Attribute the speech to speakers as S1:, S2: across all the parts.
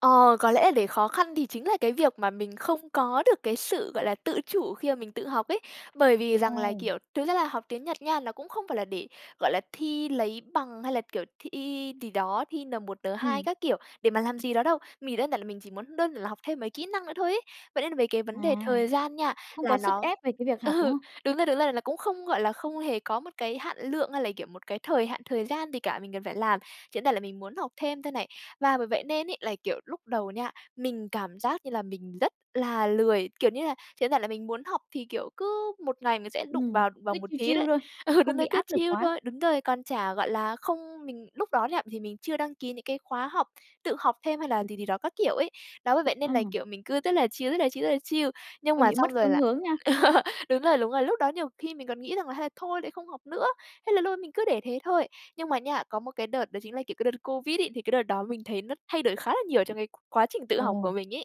S1: Ờ, có lẽ là để khó khăn thì chính là cái việc mà mình không có được cái sự, gọi là, tự chủ khi mà mình tự học ấy. Bởi vì rằng là,
S2: Ồ.
S1: kiểu, thực ra là học tiếng Nhật nha, nó cũng không phải là để, gọi là, thi lấy bằng hay là, kiểu, thi gì đó, thi N1, N2
S2: Ừm.
S1: các kiểu để mà làm gì đó đâu, mình đơn giản là mình chỉ muốn đơn là học thêm mấy kỹ năng nữa thôi ấy. Vậy nên là về cái
S2: À,
S1: vấn đề thời gian nha
S2: không có
S1: là
S2: sức
S1: nó
S2: ép về cái việc học, đúng
S1: ừ,
S2: không?
S1: đúng rồi, đúng rồi là cũng không, gọi là, không hề có một cái hạn lượng hay là, kiểu, một cái thời hạn, thời gian gì cả mình cần phải làm, chỉ đơn giản là mình muốn học thêm thôi này. Và bởi vậy nên ấy là, kiểu, lúc đầu nha, mình cảm giác như là mình rất là lười, kiểu như là, chỉ đơn giản là mình muốn học thì, kiểu, cứ 1 ngày mình sẽ đụng
S2: Ừm,
S1: vào vào
S2: cứ
S1: một
S2: chill
S1: tí
S2: chill
S1: đấy.
S2: thôi,
S1: Ừ, đúng
S2: không
S1: rồi
S2: bị
S1: cứ
S2: áp lực
S1: chill
S2: quá.
S1: thôi, đúng rồi, còn chả, gọi là không mình lúc đó nha, thì mình chưa đăng ký những cái khóa học, tự học thêm hay là gì gì đó các kiểu ấy. Đó bởi vậy nên là,
S2: Ừm.
S1: kiểu, mình cứ rất là chill, rất là chill, rất là chill, nhưng
S2: Hơi
S1: mà
S2: bị mất
S1: xong rồi
S2: phương
S1: là
S2: hướng nha.
S1: ờ, đúng rồi, đúng rồi, lúc đó nhiều khi mình còn nghĩ rằng là hay thôi đấy không học nữa, thế là luôn mình cứ để thế thôi. Nhưng mà nha, có một cái đợt đó chính là, kiểu, cái đợt Covid ấy, thì cái đợt đó mình thấy nó thay đổi khá là nhiều trong cái quá trình tự học của
S2: Ồ.
S1: mình ấy.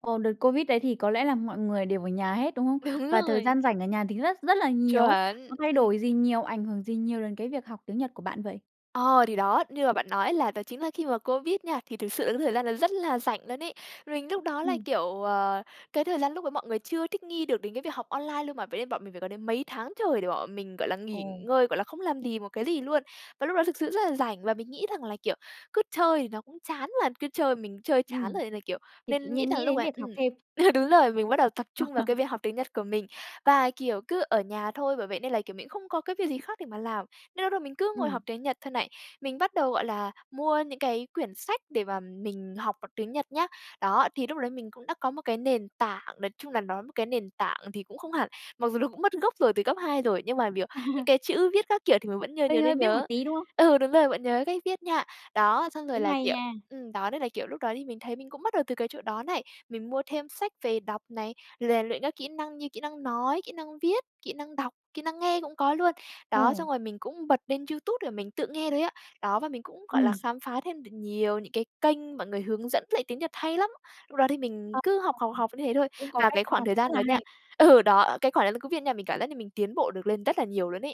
S2: Ồ, đợt Covid đấy thì có lẽ là mọi người đều ở nhà hết, đúng không?
S1: Đúng
S2: Và thời
S1: rồi.
S2: gian rảnh ở nhà thì rất rất là nhiều ấy.
S1: Chuẩn,
S2: Nó thay đổi
S1: ừm.
S2: gì nhiều, ảnh hưởng gì nhiều đến cái việc học tiếng Nhật của bạn vậy?
S1: Ờ, thì đó, như là bạn nói ấy là đó chính là khi mà Covid nha, thì thực sự là những thời gian đó rất là rảnh luôn ấy. Mình lúc đó là,
S2: Ừm.
S1: kiểu, ờ, cái thời gian lúc đó mọi người chưa thích nghi được đến cái việc học online luôn mà, vậy nên bọn mình phải có đến mấy tháng trời để bọn mình, gọi là, nghỉ
S2: Ồ.
S1: ngơi, gọi là, không làm gì một cái gì luôn. Và lúc đó thực sự rất là rảnh và mình nghĩ rằng là, kiểu, cứ chơi thì nó cũng chán mà, cứ chơi mình chơi chán
S2: Ừm,
S1: rồi nên là, kiểu
S2: thì tự
S1: nên nghĩ
S2: nhiên
S1: rằng
S2: nghĩ
S1: lúc
S2: đến
S1: ấy
S2: việc
S1: ừm,
S2: học thêm.
S1: ừ, đúng rồi, mình bắt đầu tập trung vào
S2: À.
S1: cái việc học tiếng Nhật của mình. Và, kiểu, cứ ở nhà thôi, bởi vậy nên là, kiểu, mình cũng không có cái việc gì khác để mà làm. Nên lúc đó mình cứ ngồi học
S2: Ừm.
S1: tiếng Nhật thôi này. Mình bắt đầu, gọi là, mua những cái quyển sách để mà mình học bằng tiếng Nhật nhá. Đó, thì lúc đấy mình cũng đã có một cái nền tảng, nói chung là nói một cái nền tảng thì cũng không hẳn, mặc dù nó cũng mất gốc rồi từ cấp 2 rồi, nhưng mà, kiểu, những cái chữ viết các kiểu thì mình vẫn nh
S2: Hơi
S1: nhiều
S2: hơi
S1: nên
S2: biết một
S1: nhớ.
S2: tí, đúng không?
S1: Ừ, đúng rồi, vẫn nhớ cách viết nha. Đó, xong rồi
S2: Cũng
S1: là,
S2: hay
S1: kiểu
S2: nha.
S1: ừm, đó nên là, kiểu, lúc đó thì mình thấy mình cũng bắt đầu từ cái chỗ đó này, mình mua thêm sách về đọc này, rèn luyện các kỹ năng như kỹ năng nói, kỹ năng viết, kỹ năng đọc, kỹ năng nghe cũng có luôn. Đó,
S2: Ồ.
S1: xong rồi mình cũng bật lên YouTube là mình tự nghe thôi á. Đó, và mình cũng, gọi là,
S2: Ừm.
S1: khám phá thêm được nhiều những cái kênh mọi người hướng dẫn lại tiếng Nhật hay lắm. Lúc đó thì mình
S2: À, à.
S1: cứ học, học, học như thế thôi.
S2: Cũng có
S1: Và
S2: cách
S1: cái
S2: chăm
S1: khoảng
S2: học,
S1: thời
S2: rất
S1: gian đó
S2: là
S1: nha
S2: hay.
S1: ừ, đó, ờ, cái khoảng đang Covid nha mình cảm giác là mình tiến bộ được lên rất là nhiều luôn ấy.